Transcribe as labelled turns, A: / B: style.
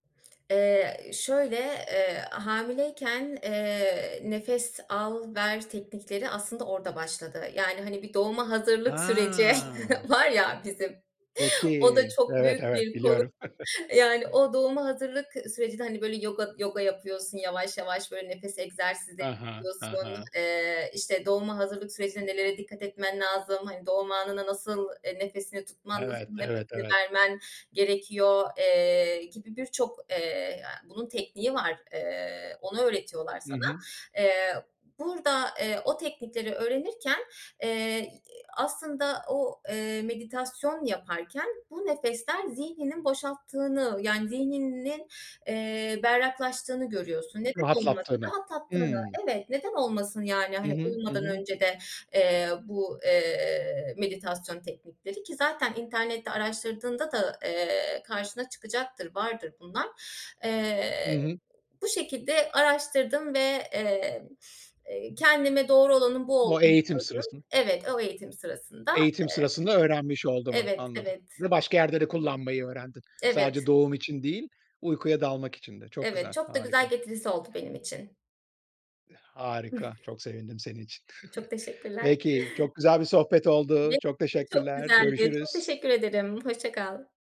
A: Eee, şöyle, eee, hamileyken, eee, nefes al ver teknikleri aslında orada başladı yani, hani, bir doğuma hazırlık süreci
B: Ha.
A: var ya bizim,
B: Çok
A: o da
B: iyi.
A: çok
B: Evet,
A: büyük
B: evet
A: bir konu.
B: biliyorum.
A: Yani o doğuma hazırlık sürecinde, hani, böyle yoga yoga yapıyorsun, yavaş yavaş böyle nefes egzersizleri
B: He he, he
A: yapıyorsun.
B: he.
A: Eee, işte, doğuma hazırlık sürecinde nelere dikkat etmen lazım? Hani, doğum anına nasıl, eee, nefesini tutman, nasıl
B: Evet, evet,
A: nefesini
B: evet.
A: vermen gerekiyor, eee, gibi birçok, eee a bunun tekniği var. Eee, onu öğretiyorlar
B: Hı
A: sana.
B: hı.
A: Eee, burada, eee, o teknikleri öğrenirken, eee, i a aslında o, eee, meditasyon yaparken bu nefesler zihninin boşalttığını yani zihninin, eee, berraklaştığını görüyorsun. Neden olmasın?
B: Rahatlattığını,
A: Rahatlattığını
B: hımm.
A: Evet, neden olmasın yani,
B: Hı
A: hani,
B: hı, hı
A: uyumadan
B: hı.
A: önce de, eee, bu, eee, meditasyon teknikleri ki zaten internette araştırdığında da, eee, karşına çıkacaktır, vardır bunlar.
B: Hı
A: Eee,
B: hı.
A: bu şekilde araştırdım ve, eee, eee, kendime doğru olanın bu
B: O
A: olduğunu
B: eğitim
A: gördüm
B: sırasında.
A: Evet, o eğitim sırasında,
B: Eğitim
A: eee
B: sırasında öğrenmiş olduğumun,
A: Evet,
B: anladım.
A: evet.
B: Ve başka yerde de kullanmayı öğrendin. Sadece
A: Evet.
B: doğum için değil, uykuya dalmak için de. Çok
A: Evet,
B: güzel,
A: çok da güzel
B: harika.
A: getirisi oldu benim için.
B: Harika, çok sevindim senin için.
A: Çok teşekkürler.
B: Peki, çok güzel bir sohbet oldu,
A: Benim
B: çok
A: için de çok
B: teşekkürler,
A: güzeldi. Çok
B: görüşürüz.
A: teşekkür ederim. Hoşça kal.